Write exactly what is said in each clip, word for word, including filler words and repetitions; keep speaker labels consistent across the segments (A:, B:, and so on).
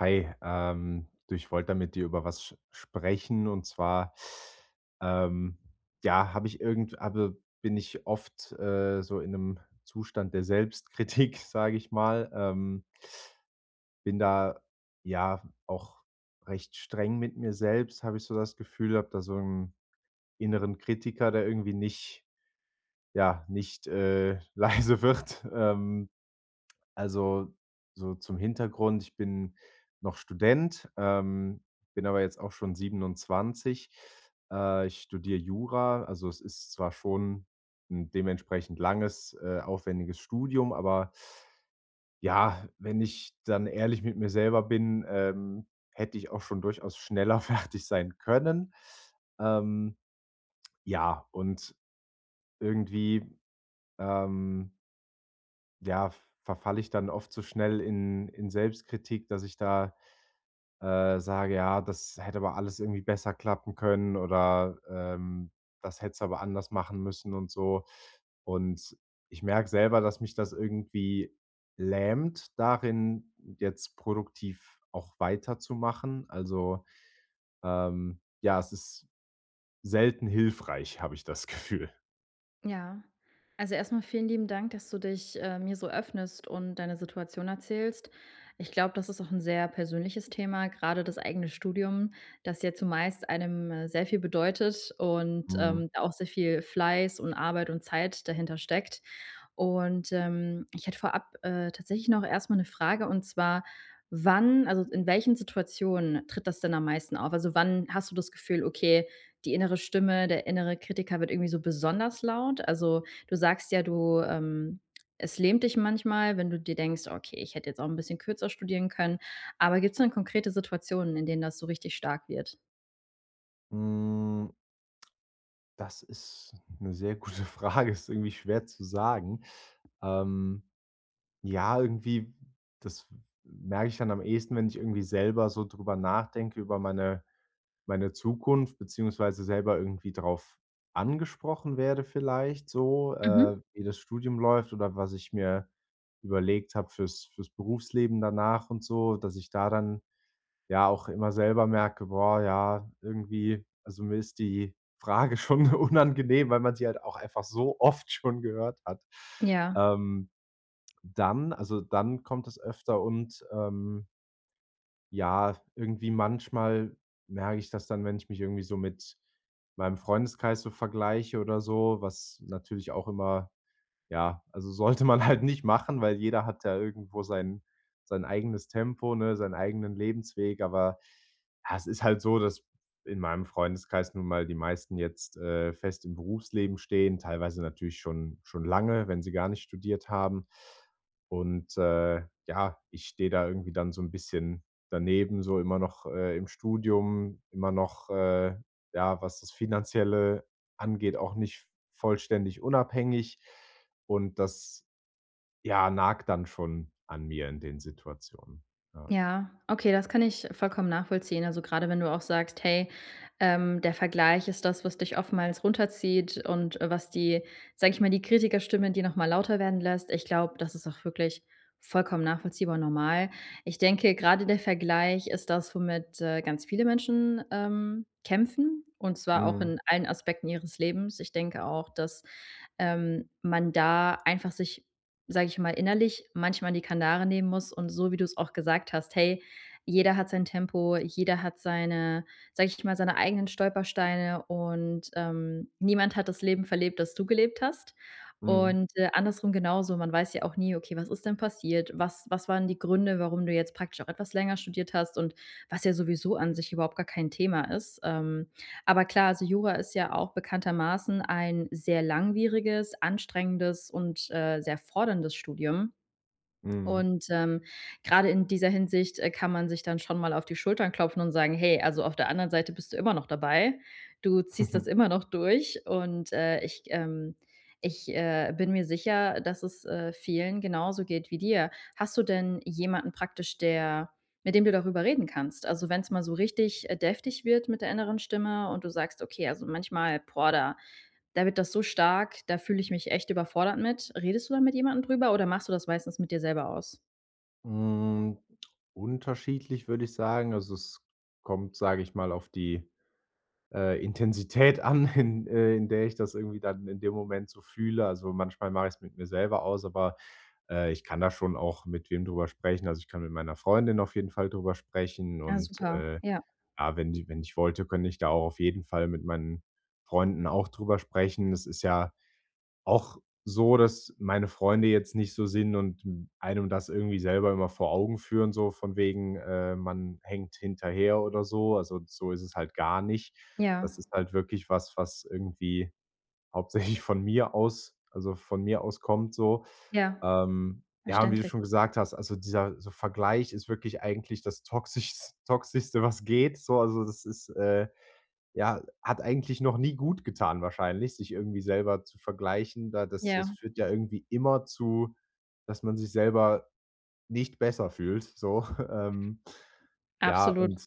A: Hi, ähm, du ich wollte da mit dir über was s sprechen, und zwar, ähm, ja, habe ich irgend habe bin ich oft, äh, so in ’nem Zustand der Selbstkritik, sage ich mal. Ähm bin da, ja, auch recht streng mit mir selbst, habe ich so das Gefühl, habe da so 'n inneren Kritiker, der irgendwie nicht ja, nicht, äh, leise wird. Ähm. Also, so zum Hintergrund, ich bin noch Student, ähm, bin aber jetzt auch schon siebenundzwanzig. Äh, ich studiere Jura, also, es ist zwar schon ’n dementsprechend langes, äh, aufwendiges Studium, aber ja, wenn ich dann ehrlich mit mir selber bin, ähm, hätte ich auch schon durchaus schneller fertig sein können. Ähm. Ja, und irgendwie, ähm ja, verfalle ich dann oft so schnell in in Selbstkritik, dass ich da, äh, sage: „Ja, das hätte aber alles irgendwie besser klappen können“, oder, ähm: „Das hättest du aber anders machen müssen“, und so. Und ich merke selber, dass mich das irgendwie lähmt darin, jetzt produktiv auch weiterzumachen, also, ähm, ja, es ist selten hilfreich, habe ich das Gefühl.
B: Ja, also, erstmal vielen lieben Dank, dass du dich, äh, mir so öffnest und deine Situation erzählst. Ich glaube, das ist auch 'n sehr persönliches Thema. Gerade das eigene Studium, das ja zumeist einem sehr viel bedeutet und,
A: Mhm.
B: ähm, auch sehr viel Fleiß und Arbeit und Zeit dahinter steckt. Und, ähm, ich hätte vorab, äh, tatsächlich noch erstmal 'ne Frage, und zwar, wann also, in welchen Situationen tritt das denn am meisten auf? Also, wann hast du das Gefühl: „Okay, die innere Stimme, der innere Kritiker wird irgendwie so besonders laut?“ Also, du sagst ja, du, ähm, es lähmt dich manchmal, wenn du dir denkst: „Okay, ich hätte jetzt auch 'n bisschen kürzer studieren können.“ Aber gibt's denn konkrete Situationen, in denen das so richtig stark wird?
A: Hm. Das ist 'ne sehr gute Frage. Ist irgendwie schwer zu sagen. Ähm, ja, irgendwie, das merke ich dann am ehesten, wenn ich irgendwie selber so darüber nachdenke, über meine meine Zukunft, beziehungsweise selber irgendwie darauf angesprochen werde vielleicht so,
B: Mhm.
A: äh, wie das Studium läuft oder was ich mir überlegt habe fürs fürs Berufsleben danach und so, dass ich da dann ja auch immer selber merke: „Boah, ja, irgendwie also, mir ist die Frage schon unangenehm, weil man sie halt auch einfach so oft schon gehört hat."
B: Ja.
A: Ähm, dann also, dann kommt es öfter und, ähm ja, irgendwie manchmal merke ich das dann, wenn ich mich irgendwie so mit meinem Freundeskreis so vergleiche oder so, was natürlich auch immer ja, also, sollte man halt nicht machen, weil jeder hat ja irgendwo sein sein eigenes Tempo, ne, seinen eigenen Lebensweg. Aber, ha, es ist halt so, dass in meinem Freundeskreis nun mal die meisten jetzt, äh, fest im Berufsleben stehen, teilweise natürlich schon schon lange, wenn sie gar nicht studiert haben. Und, äh, ja, ich stehe da irgendwie dann so 'n bisschen daneben, so immer noch, äh, im Studium. Immer noch, äh, ja, was das Finanzielle angeht, auch nicht vollständig unabhängig und das, ja, nagt dann schon an mir in den Situationen, ja.
B: Ja, okay, das kann ich vollkommen nachvollziehen. Also, gerade wenn du auch sagst: „Hey, ähm, der Vergleich ist das, was dich oftmals runterzieht und, äh, was die sage ich mal, die Kritikerstimme, die nochmal lauter werden lässt. Ich glaube, das ist auch wirklich vollkommen nachvollziehbar und normal. Ich denke, grade der Vergleich ist das, womit, äh, ganz viele Menschen, ähm, kämpfen, und zwar auch
A: Mhm.
B: in allen Aspekten ihres Lebens. Ich denke auch, dass, ähm, man da einfach sich, sage ich mal, innerlich manchmal die Kanare nehmen muss und so wie du es auch gesagt hast: „Hey, jeder hat sein Tempo, jeder hat seine sage ich mal, seine eigenen Stolpersteine und, ähm, niemand hat das Leben verlebt, das du gelebt hast.“
A: Mhm.
B: Und, äh, andersrum genauso. Man weiß ja auch nie: „Okay, was ist denn passiert? Was was waren die Gründe, warum du jetzt praktisch auch etwas länger studiert hast und", was ja sowieso an sich überhaupt gar kein Thema ist. Ähm, aber klar, also, Jura ist ja auch bekanntermaßen ein sehr langwieriges, anstrengendes und, äh, sehr forderndes Studium.
A: Mhm.
B: Und, ähm, gerade in dieser Hinsicht, äh, kann man sich dann schon mal auf die Schultern klopfen und sagen: „Hey, also, auf der anderen Seite bist du immer noch dabei. Du ziehst das immer noch durch.“ Und, äh, ich, ähm ich, äh, bin mir sicher, dass es, äh, vielen genauso geht wie dir. Hast du denn jemanden praktisch, der mit dem du darüber reden kannst? Also, wenn's mal so richtig, äh, deftig wird mit der inneren Stimme und du sagst: „Okay, also, manchmal, boah, da da wird das so stark, da fühle ich mich echt überfordert mit.” Redest du da mit jemandem drüber oder machst du das meistens mit dir selber aus?
A: Hm, unterschiedlich, würde ich sagen. Also, es kommt, sage ich mal, auf die, äh, Intensität an, in äh, in der ich das irgendwie dann in dem Moment so fühle. Also, manchmal mache ich's mit mir selber aus, aber, äh, ich kann da schon auch mit wem drüber sprechen. Also, ich kann mit meiner Freundin auf jeden Fall darüber sprechen
B: Ja,
A: und,
B: super,
A: äh,
B: ja.
A: ja, wenn ji wenn ich wollte, könnte ich da auch auf jeden Fall mit meinen Freunden auch darüber sprechen. Das ist ja auch so, dass meine Freunde jetzt nicht so sind und einem das irgendwie selber immer vor Augen führen, so von wegen, äh, man hängt hinterher oder so, also, so ist es halt gar nicht.
B: Ja.
A: Das ist halt wirklich was, was irgendwie hauptsächlich von mir aus also von mir aus kommt so.
B: Ja,
A: Ähm, ja, wie du
B: verständlich.
A: schon gesagt hast, also dieser so Vergleich ist wirklich eigentlich das toxischs toxischste, was geht so also, das ist, äh ja, hat eigentlich noch nie gut getan, wahrscheinlich, sich irgendwie selber zu vergleichen. Da das das
B: Ja.
A: führt ja irgendwie immer zu, dass man sich selber nicht besser fühlt, so, ähm. Ja,
B: Absolut.
A: und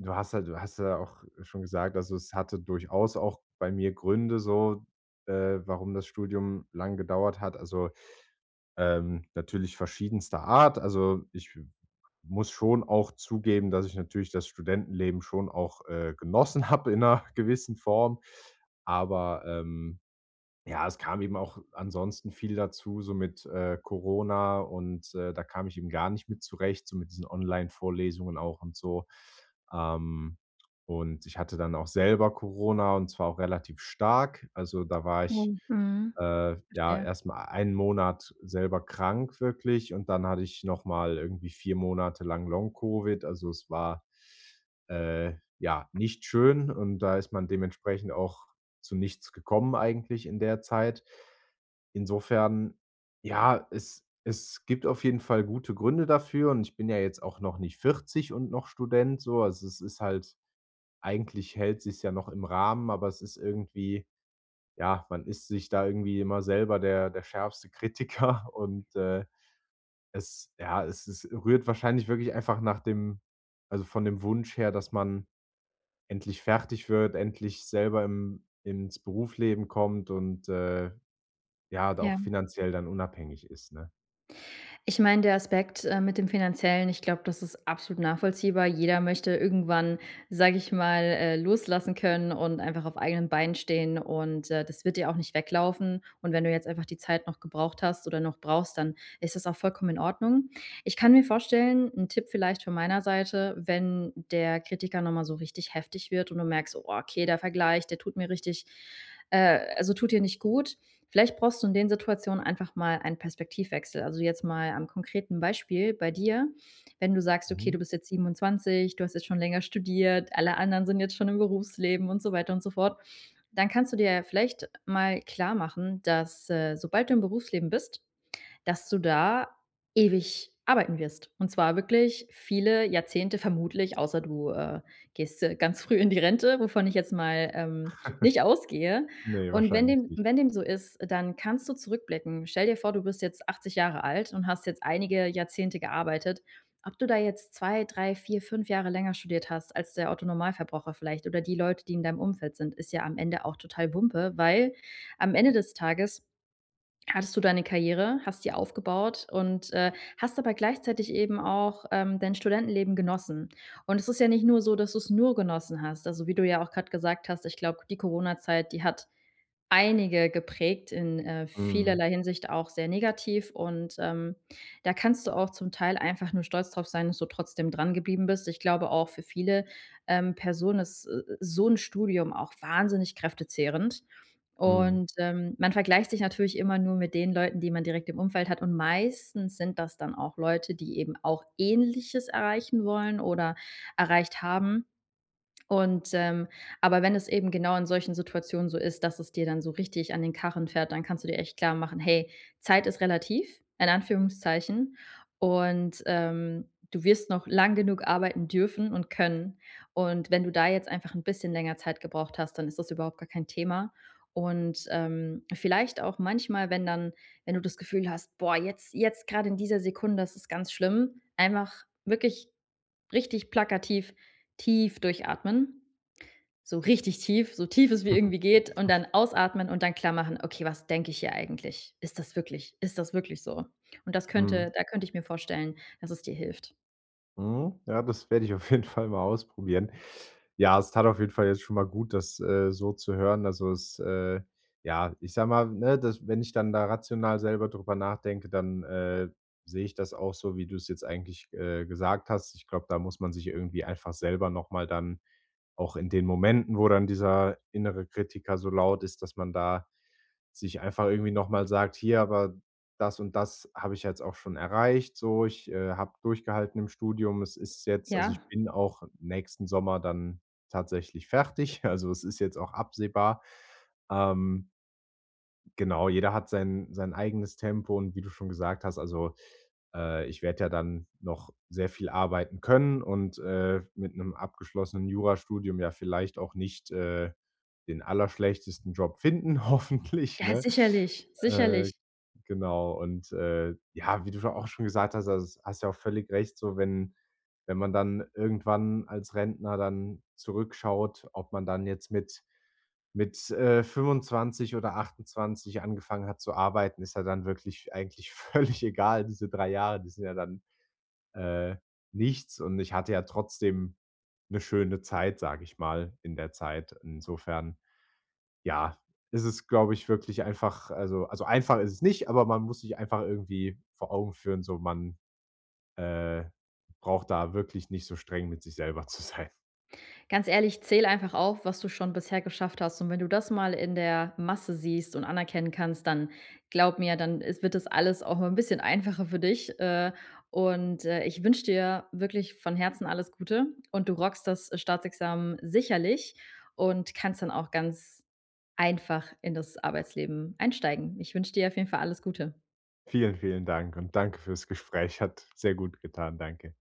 A: du hast halt du hast ja auch schon gesagt also, es hatte durchaus auch bei mir Gründe so, äh, warum das Studium lange gedauert hat, also, ähm, natürlich verschiedenster Art. Also ich m muss schon auch zugeben, dass ich natürlich das Studentenleben schon auch, äh, genossen habe in 'ner gewissen Form. Aber, ähm, ja, es kam eben auch ansonsten viel dazu, so mit, äh, Corona und, äh, da kam ich eben gar nicht mit zurecht, so mit diesen Online-Vorlesungen auch und so. Ähm, und ich hatte dann auch selber Corona, und zwar auch relativ stark. Also da war ich,
B: Oh, mhm,
A: äh, ja,
B: verstehe.
A: erstmal einen Monat selber krank wirklich, und dann hatte ich nochmal irgendwie vier Monate lang Long Covid, also es war, äh, ja, nicht schön. Und da ist man dementsprechend auch zu nichts gekommen eigentlich in der Zeit. Insofern, ja, es es gibt auf jeden Fall gute Gründe dafür. Und ich bin ja jetzt auch noch nicht vierzig und noch Student so. Also es ist halt eigentlich hält sich's ja noch im Rahmen. Aber es ist irgendwie ja, man ist sich da irgendwie immer selber der der schärfste Kritiker und, äh, es ja, es es rührt wahrscheinlich wirklich einfach nach dem also von dem Wunsch her, dass man endlich fertig wird, endlich selber im ins Berufsleben kommt und, äh, ja, da auch
B: Ja.
A: finanziell dann unabhängig ist, ne?
B: Ich meine, der Aspekt, äh, mit dem Finanziellen, ich glaube, das ist absolut nachvollziehbar. Jeder möchte irgendwann, sage ich mal, äh, loslassen können und einfach auf eigenen Beinen stehen und, äh, das wird dir auch nicht weglaufen. Und wenn du jetzt einfach die Zeit noch gebraucht hast oder noch brauchst, dann ist das auch vollkommen in Ordnung. Ich kann mir vorstellen 'n Tipp vielleicht von meiner Seite, wenn der Kritiker nochmal so richtig heftig wird und du merkst, Oh, okay, der Vergleich, der tut mir richtig äh, also tut dir nicht gut. Vielleicht brauchst du in den Situationen einfach mal einen Perspektivwechsel. Also, jetzt mal an konkreten Beispiel bei dir. Wenn du sagst, okay, du
A: Mhm.
B: bist jetzt siebenundzwanzig. Du hast jetzt schon länger studiert. Alle anderen sind jetzt schon im Berufsleben und so weiter und so fort. Dann kannst du dir ja vielleicht mal klarmachen, dass, äh, sobald du im Berufsleben bist dass du da ewig arbeiten wirst. Und zwar wirklich viele Jahrzehnte vermutlich außer du, äh, gehst, äh, ganz früh in die Rente, wovon ich jetzt mal, ähm, nicht ausgehe.
A: Ne,
B: Und wenn
A: wahrscheinlich
B: dem
A: nicht.
B: wenn dem so ist, dann kannst du zurückblicken. Stell dir vor, du bist jetzt achtzig Jahre alt und hast jetzt einige Jahrzehnte gearbeitet. Ob du da jetzt zwei, drei, vier, fünf Jahre länger studiert hast als der Otto Normalverbraucher vielleicht oder die Leute, die in deinem Umfeld sind, ist ja am Ende auch total wumpe, weil am Ende des Tages hattest du deine Karriere, hast sie aufgebaut und, äh, hast dabei gleichzeitig eben auch, ähm, dein Studentenleben genossen. Und es ist ja nicht nur so, dass du es nur genossen hast. Also, wie du ja auch gerade gesagt hast, ich glaube, die Corona-Zeit, die hat einige geprägt, in, äh,
A: Mhm.
B: vielerlei Hinsicht auch sehr negativ. Und, ähm, da kannst du auch zum Teil einfach nur stolz drauf sein, dass du trotzdem dran geblieben bist. Ich glaube auch für viele, ähm, Personen ist s so 'n Studium auch wahnsinnig kräftezehrend.
A: Mhm.
B: Und, ähm, man vergleicht sich natürlich immer nur mit den Leuten, die man direkt im Umfeld hat, und meistens sind das dann auch Leute, die eben auch ähnliches erreichen wollen oder erreicht haben. Und, ähm aber wenn es eben genau in solchen Situationen so ist, dass es dir dann so richtig an den Karren fährt, dann kannst du dir echt klar machen: Hey, Zeit ist relativ, in Anführungszeichen, und, ähm, du wirst noch lange genug arbeiten dürfen und können. Und wenn du da jetzt einfach 'n bisschen länger Zeit gebraucht hast, dann ist das überhaupt gar kein Thema. Und, ähm, vielleicht auch manchmal, wenn dann wenn du das Gefühl hast, „Boah, jetzt, jetzt gerade in dieser Sekunde, ist es ganz schlimm,” einfach wirklich richtig plakativ tief durchatmen. So richtig tief, so tief es wie irgendwie geht und
A: [unintelligible]
B: dann ausatmen und dann klarmachen: „Okay, was denke ich hier eigentlich? Ist das wirklich ist das wirklich so?” Und das könnte
A: Mhm.
B: da könnte ich mir vorstellen, dass es dir hilft.
A: Mhm. Ja, das werde ich auf jeden Fall mal ausprobieren. Ja, es tat auf jeden Fall jetzt schon mal gut, das, äh, so zu hören. Also, es, äh, ja, ich sage mal, ne, dass wenn ich dann da rational selber darüber nachdenke, dann, äh, sehe ich das auch so, wie du es jetzt eigentlich, äh, gesagt hast. Ich glaube, da muss man sich irgendwie einfach selber noch mal dann auch in den Momenten, wo dann dieser innere Kritiker so laut ist, dass man da, sich einfach irgendwie nochmal sagt: „Hier, aber das und das habe ich ja jetzt auch schon erreicht, so. Ich, äh, habe durchgehalten im Studium.“ Es ist jetzt also,
B: Ja.
A: ich bin auch nächsten Sommer dann tatsächlich fertig, also, es ist jetzt auch absehbar. Ähm. Genau, jeder hat sein sein eigenes Tempo und wie du schon gesagt hast, also, äh, ich werde ja dann noch sehr viel arbeiten können und, äh, mit 'nem abgeschlossenen Jurastudium ja vielleicht auch nicht, äh, den allerschlechtesten Job finden, hoffentlich,
B: Ja,
A: ne?
B: sicherlich,
A: Äh,
B: sicherlich.
A: genau und, äh, ja, wie du scho auch schon gesagt hast, also, hast du ja auch völlig recht so wenn wenn man dann irgendwann als Rentner dann zurückschaut, ob man dann jetzt mit mit, äh, fünfundzwanzig oder achtundzwanzig angefangen hat zu arbeiten, ist ja dann wirklich eigentlich völlig egal. Diese drei Jahre, die sind ja dann, äh, nichts. Und ich hatte ja trotzdem 'ne schöne Zeit, sage ich mal in der Zeit. Insofern, ja, ist es, glaube ich, wirklich einfach also also, einfach ist es nicht, aber man muss sich einfach irgendwie vor Augen führen, so man, äh, braucht da wirklich nicht so streng mit sich selber zu sein.
B: Ganz ehrlich, zähle einfach auf, was du schon bisher geschafft hast. Und wenn du das mal in der Masse siehst und anerkennen kannst, dann glaube mir, dann is wird das alles auch 'n bisschen einfacher für dich, äh. Und, äh, ich wünsche dir wirklich von Herzen alles Gute. Und du rockst das Staatsexamen sicherlich und kannst dann auch ganz einfach in das Arbeitsleben einsteigen. Ich wünsche dir auf jeden Fall alles Gute.
A: Vielen, vielen Dank und danke für's Gespräch, hat sehr gut getan, danke.